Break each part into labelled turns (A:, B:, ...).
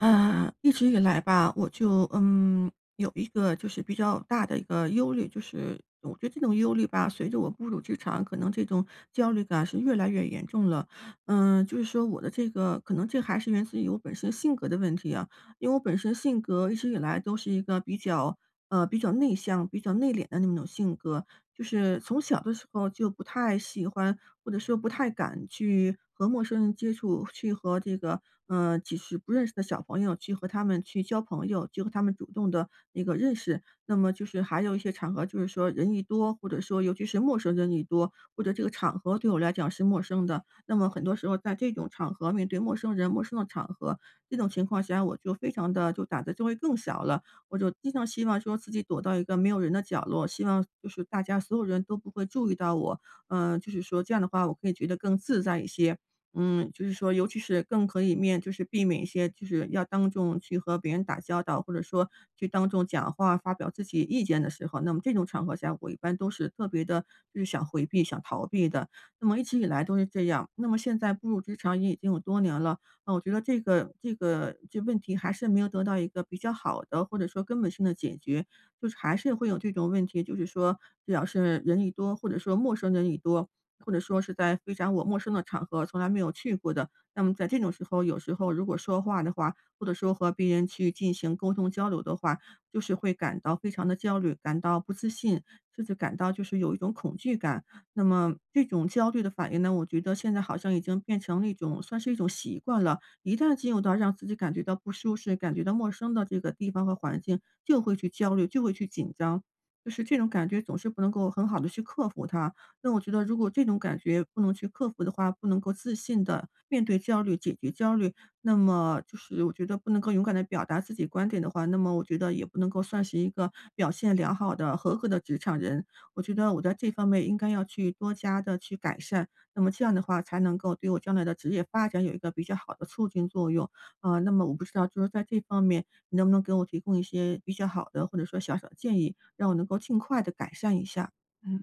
A: 呃，一直以来吧，我就，嗯，有一个就是比较大的一个忧虑，就是我觉得这种忧虑吧，随着我步入职场，可能这种焦虑感是越来越严重了。嗯，就是说我的这个可能这还是源自于我本身性格的问题啊。因为我本身性格一直以来，都是一个比较呃，比较内向、比较内敛的那种性格。就是从小的时候就不太喜欢，或者说不太敢去和陌生人接触，去和这个，嗯，即使不认识的小朋友去和他们去交朋友，就和他们主动地一个认识。那么就是还有一些场合，就是说，人一多，或者说，尤其是陌生人一多，或者这个场合对我来讲是陌生的。那么很多时候，在这种场合面对陌生人、陌生的场合，这种情况下我就非常地就胆子就会更小了。我就经常希望说自己躲到一个没有人的角落，希望就是大家所有人都不会注意到我。呃，就是说这样的话，我可以觉得更自在一些。嗯，就是说尤其是更可以面就是避免一些就是要当众去和别人打交道，或者说去当众讲话发表自己意见的时候，那么这种场合下，我一般都是特别地就是想回避、想逃避的，那么一直以来都是这样。那么现在步入职场也已经有多年了，那我觉得，这个这个这个问题还是没有得到一个比较好的，或者说根本性的解决，就是还是会有这种问题。就是说，只要是人一多，或者说陌生人一多，或者说是在非常我陌生的场合，从来没有去过的。那么在这种时候，有时候如果说话的话，或者说和别人去进行沟通交流的话，就是会感到非常地焦虑，感到不自信，甚至感到就是有一种恐惧感。那么这种焦虑的反应呢，我觉得现在好像已经变成了一种算是一种习惯了。一旦进入到让自己感觉到不舒适，感觉到陌生的这个地方和环境，就会去焦虑，就会去紧张，就是这种感觉总是不能够很好地去克服它。那我觉得如果这种感觉不能去克服的话，不能够自信地面对焦虑、解决焦虑，那么就是我觉得不能够勇敢地表达自己观点的话，那么我觉得也不能够算是一个表现良好的、合格的职场人。我觉得我在这方面应该要去多加地去改善，那么这样的话，才能够对我将来的职业发展有一个比较好的促进作用。嗯，那么我不知道，呃，就是在这方面，你能不能给我提供一些比较好的，或者说小小的建议，让我能够尽快地改善一下，嗯。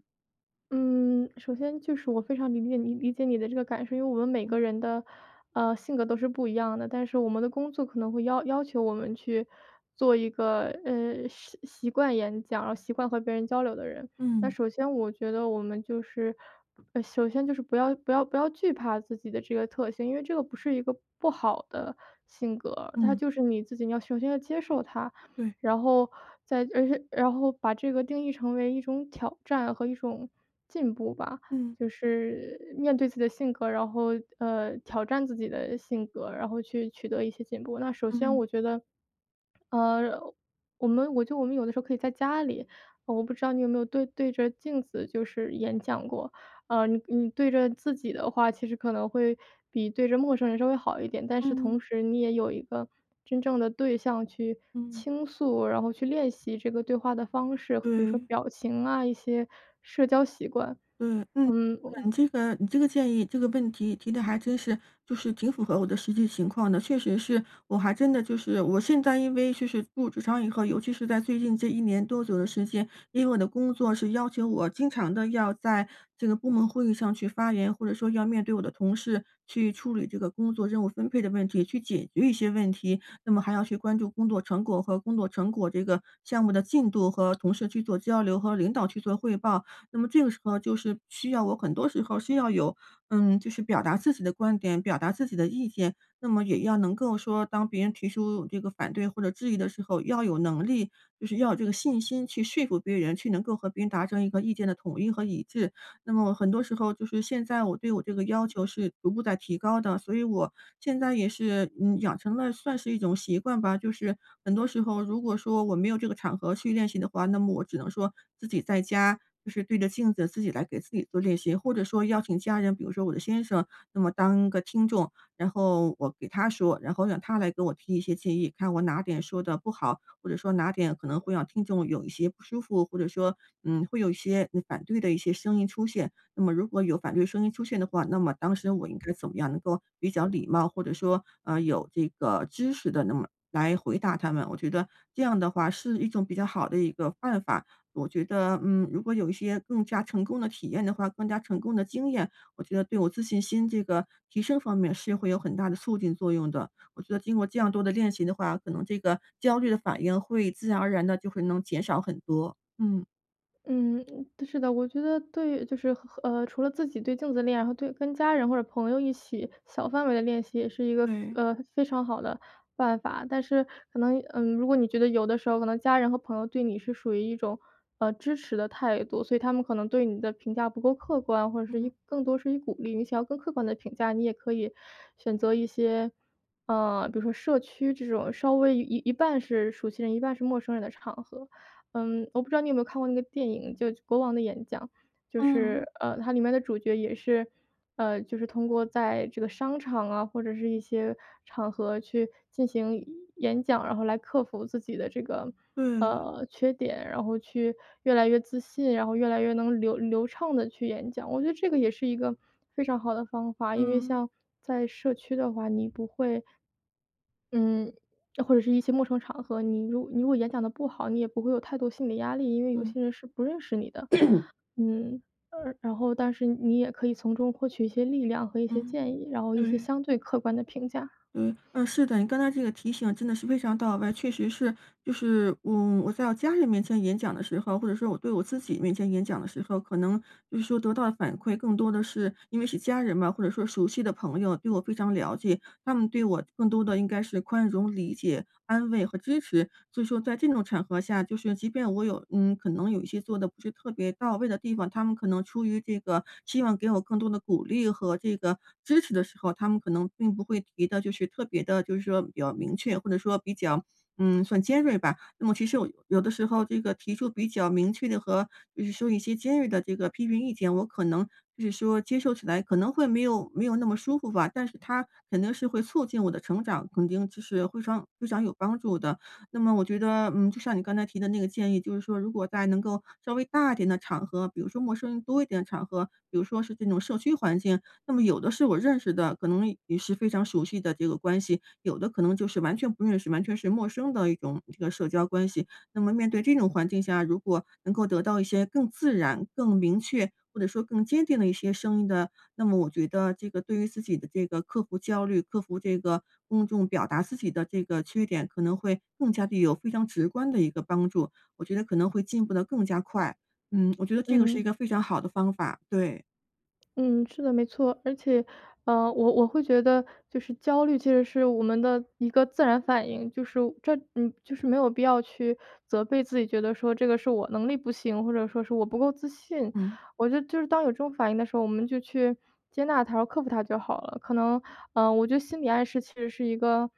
B: 嗯，首先就是我非常理解你理解你的这个感受。因为我们每个
A: 嗯。
B: 人的，呃，性格都是不一样的，但是我们的工作可能会要要求我们去做一个，呃，习习惯演讲，然后习惯和别人交流的人。那
A: 嗯。
B: 首先我觉得，我们就是，呃，首先就是不要不要不要惧怕自己的这个特性，因为这个不是一个不好的性格，它
A: 嗯。
B: 就是你自己你要首先要接受它。
A: 对。
B: 然后再而是然后把这个定义成为一种挑战和一种进步吧。
A: 嗯。
B: 就是面对自己的性格，然后，呃，挑战自己的性格，然后去取得一些进步。那首先
A: 嗯。
B: 我觉得，呃，我们我觉得我们有的时候，可以在家里我不知道你有没有对对着镜子就是演讲过？呃，你你对着自己的话，其实可能会比对着陌生人稍微好一点，但是
A: 嗯。
B: 同时你也有一个真正的对象去
A: 嗯。
B: 倾诉，然后去练习这个对话的方式，比如说
A: 对。
B: 表情啊、一些社交习惯，
A: 对，嗯，
B: 嗯嗯。
A: 你这个你这个建议这个问题提得还真是，就是挺符合我的实际情况的。确实是我还真的就是我现在因为就是进入职场以后，尤其是在最近这一年多左右时间，因为我的工作是要求我经常地要在这个部门会议上去发言，或者说要面对我的同事去处理这个工作任务分配的问题，去解决一些问题。那么还要去关注工作成果和工作成果，这个项目的进度和同事去做交流和领导去做汇报。那么这个时候，就是需要我很多时候需要有，嗯，就是表达自己的观点、表达自己的意见，那么也要能够说当别人提出这个反对或者质疑的时候，要有能力就是要有这个信心去说服别人，去能够和别人达成一个意见的统一和一致。那么很多时候，就是现在我对我这个要求是逐步在提高的，所以我现在也是，嗯，养成了算是一种习惯吧。就是很多时候，如果说我没有这个场合去练习的话，那么我只能说自己在家就是对着镜子自己来给自己做练习。或者说邀请家人，比如说我的先生，那么当个听众，然后我给他说，然后让他来给我提一些建议，看我哪点说的不好。或者说哪点可能会让听众有一些不舒服，或者说，嗯，会有一些嗯反对的一些声音出现。那么如果有反对声音出现的话，那么当时我应该怎么样能够比较礼貌，或者说，呃，有这个知识地那么来回答他们。我觉得这样的话，是一种比较好的一个办法。我觉得，嗯，如果有一些更加成功的体验的话，更加成功的经验，我觉得对我自信心这个提升方面是会有很大的促进作用的。我觉得经过这样多的练习的话，可能这个焦虑的反应会自然而然地就会能减少很多，嗯。
B: 嗯，是的，我觉得对就是和呃，除了自己对镜子的练，和对跟家人或者朋友一起小范围的练习也是一个，
A: 对。
B: 呃，非常好的办法。但是可能，嗯，如果你觉得有的时候可能家人和朋友对你是属于一种，呃，支持的态度，所以他们可能对你的评价不够客观，或者是一
A: 嗯。
B: 更多是以鼓励。你想要更客观的评价，你也可以选择一些，嗯，比如说社区这种稍微一一半是熟悉人，一半是陌生人的场合。嗯，我不知道你有没有看过那个电影，就《国王的演讲》。就是，
A: 嗯。
B: 呃，它里面的主角也是，呃，就是通过在这个商场啊，或者是一些场合去进行演讲，然后来克服自己的这个，
A: 对。
B: 呃，缺点，然后去越来越自信，然后越来越能流流畅地去演讲。我觉得这个也是一个非常好的方法，因为
A: 嗯。
B: 像在社区的话，你不会嗯，或者是一些陌生场合，你如你如果演讲得不好，你也不会有太多心理压力，因为有
A: 嗯。
B: 些人是不认识你的。嗯，而然后但是你也可以从中获取一些力量和一些
A: 嗯。
B: 建议，然后一些
A: 对。
B: 相对客观的评价。
A: 对，嗯，是的，你刚才这个提醒真的是非常到位。确实是就是，嗯，我在我家人面前演讲的时候，或者说我对我自己面前演讲的时候，可能就是说得到的反馈更多的是因为是家人嘛，或者说熟悉的朋友，对我非常了解，他们对我更多的应该是宽容、理解、安慰和支持。所以说在这种场合下，就是即便我有嗯，可能有一些做得不是特别到位的地方，他们可能出于这个，希望给我更多的鼓励和这个支持的时候，他们可能并不会提的就是特别的，就是说比较明确，或者说比较，嗯，算尖锐吧。那么其实我有的时候这个提出比较明确的和比如说一些尖锐的这个批评意见，我可能就是说接受起来可能会没有没有那么舒服吧，但是它肯定是会促进我的成长，肯定其实非常非常有帮助的。那么我觉得，嗯，就像你刚才提的那个建议，就是说如果在能够稍微大一点的场合，比如说陌生人多一点的场合，比如说是这种社区环境，那么有的是我认识的，可能也是非常熟悉的这个关系，有的可能就是完全不认识，完全是陌生的一种，这个社交关系。那么面对这种环境下，如果能够得到一些更自然、更明确或者说更坚定的一些声音的，那么我觉得这个对于自己的这个克服焦虑、克服这个公众表达自己的这个缺点，可能会更加地有非常直观的一个帮助，我觉得可能会进步得更加快。嗯，我觉得这个是一
B: 嗯。
A: 个非常好的方法，对。
B: 嗯，是的没错。而且，呃，我我会觉得，就是焦虑其实是我们的一个自然反应。就是这嗯，就是没有必要去责备自己，觉得说这个是“我能力不行”，或者说是“我不够自信”，
A: 嗯。
B: 我觉得就是当有这种反应的时候，我们就去接纳它、克服它就好了。可能，呃，我觉得心里暗示其实是一个，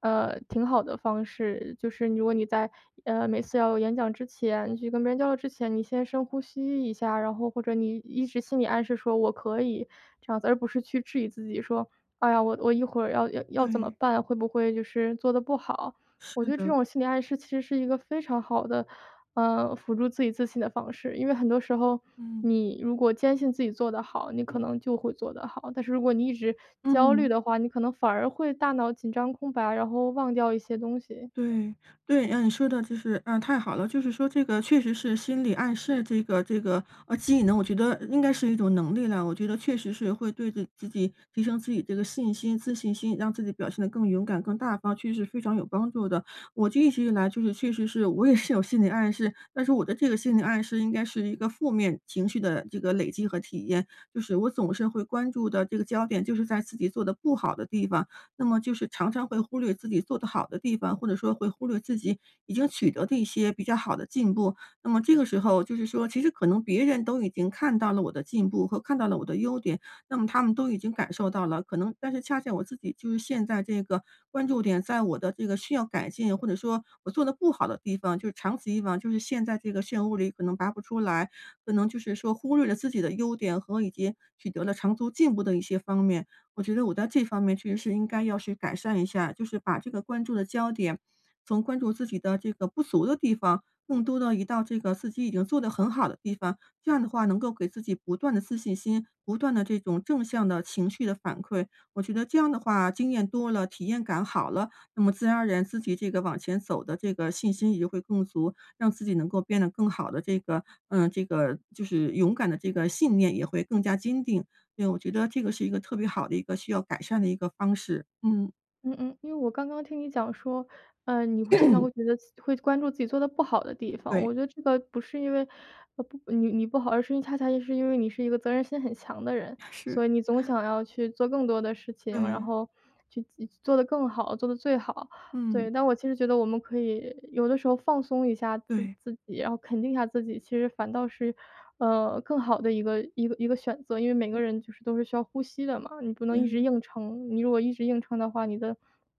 B: 呃，挺好的方式，就是如果你在，呃，每次要演讲之前你去跟别人交流之前，你先深呼吸一下，然后或者你一直心里暗示说“我可以”这样子，而不是去质疑自己说：“哎呀，我我一会儿要要怎么
A: 对。
B: 办？会不会就是做得不好？”我觉
A: 是
B: 得这
A: 的。
B: 种心理暗示其实是一个非常好的，嗯，辅助自己自信的方式。因为很多时候，
A: 嗯。
B: 你如果坚信自己做得好，你可能就会做得好。但是如果你一直焦
A: 嗯。
B: 虑的话，你可能反而会大脑紧张空白，然后忘掉一些东西。
A: 对对，嗯，你说的就是嗯，太好了。就是说这个确实是心理暗示这个这个呃，技能，我觉得应该是一种能力了，我觉得确实是会对的自己提升自己这个信心自信心，让自己表现得更勇敢更大方，确实是非常有帮助的。我就一直以来就是确实是我也是有心理暗示，但是我的这个心理暗示应该是一个负面情绪的这个累积和体验。就是我总是会关注的这个焦点就是在自己做得不好的地方，那么就是常常会忽略自己做得好的地方，或者说会忽略自己已经取得的一些比较好的进步。那么这个时候，就是说其实可能别人都已经看到了我的进步和看到了我的优点，那么他们都已经感受到了，可能但是恰恰我自己就是陷在这个关注点在我的这个需要改进或者说我做得不好的地方，就是长此以往就是陷在这个漩涡里可能拔不出来。可能就是说忽略了自己的优点和以及取得了长足进步的一些方面，我觉得我在这方面确实是应该要去改善一下，就是把这个关注的焦点从关注自己的这个不足的地方，更多地移到这个自己已经做得很好的地方，这样的话能够给自己不断的自信心，不断的这种正向的情绪的反馈。我觉得这样的话经验多了、体验感好了，那么自然而然，自己这个往前走的这个信心也会更足，让自己能够变得更好的这个呃，这个就是勇敢的这个信念也会更加坚定，因为我觉得这个是一个特别好的一个需要改善的一个方式，嗯。
B: 嗯嗯，因为我刚刚听你讲说，呃，你会经常会 觉得自会关注自己做得不好的地方。
A: 对。
B: 我觉得这个不是因为不你你不好，而是恰恰是因为你是一个责任心很强的人，
A: 是。
B: 所以你总 想要去做更多的事情，然
A: 嗯。
B: 后去自做得更好、做得最好。
A: 嗯。
B: 对，但其实我觉得我们可以有的时候放松一下自
A: 对。
B: 自己，然后肯定一下自己，其实反倒是，呃，更好的一个一个一个选择。因为每
A: 嗯。
B: 个人都是需要呼吸的嘛，你不能一直
A: 嗯。
B: 硬撑，你如果一直硬撑的话，你的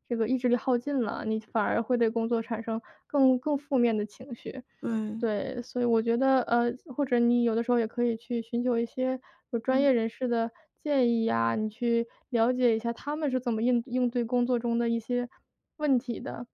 B: 这个意志力耗尽了，你反而会对工作产生更更负面的情绪。
A: 对。
B: 对，所以我觉得，呃，或者你有的时候也可以去寻求一些有专业
A: 嗯。
B: 人士的建议呀，你去了解一下他们是怎么应应对工作中一些问题的，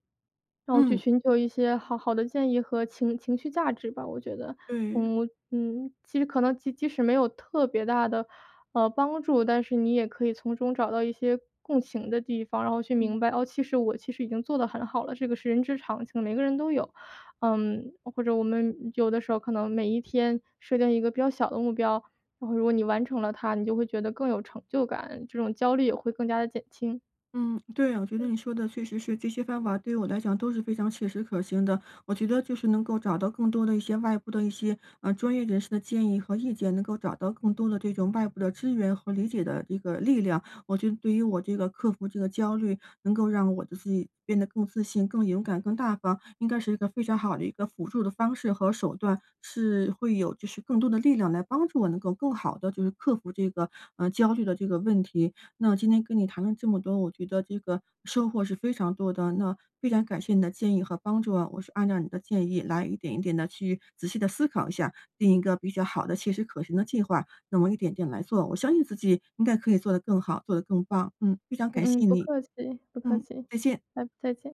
B: 然后去
A: 嗯。
B: 寻求一些好好的建议和情情绪价值吧我觉得。
A: 嗯。
B: 我嗯，其实可能即即使没有特别大的，呃，帮助，但是你也可以从中找到一些共情的地方，然后去
A: 嗯。
B: 明白哦，其实我其实已经做得很好了，这个是人之常情，每个人都有。嗯，或者我们有的时候可能每一天设定一个比较小的目标，然后如果你完成了它，你就会觉得更有成就感，这种焦虑也会更加地减轻。
A: 嗯，对，我觉得
B: 嗯。
A: 你说的确实是，这些方法对我来讲都是非常切实可行的。我觉得就是能够找到更多的一些外部的一些，呃，专业人士的建议和意见，能够找到更多的这种外部的支援和理解的一个力量。我觉得对于我这个克服这个焦虑，能够让我的自己变得更自信、更勇敢、更大方，应该是一个非常好的一个辅助的方式和手段，是会有就是更多的力量来帮助我，能够更好地就是克服这个，呃，焦虑的这个问题。那我今天跟你谈了这么多，我觉得这个收获是非常多的，那非常感谢你的建议和帮助啊。我是按照你的建议来一点一点地去仔细地思考一下，定一个比较好的切实可行的计划，那么一点点来做，我相信自己应该可以做得更好、做得更棒。嗯，非常感
B: 嗯嗯，
A: 谢
B: 不
A: 你，
B: 客气，不客
A: 嗯，
B: 气，
A: 再见。
B: 拜再见。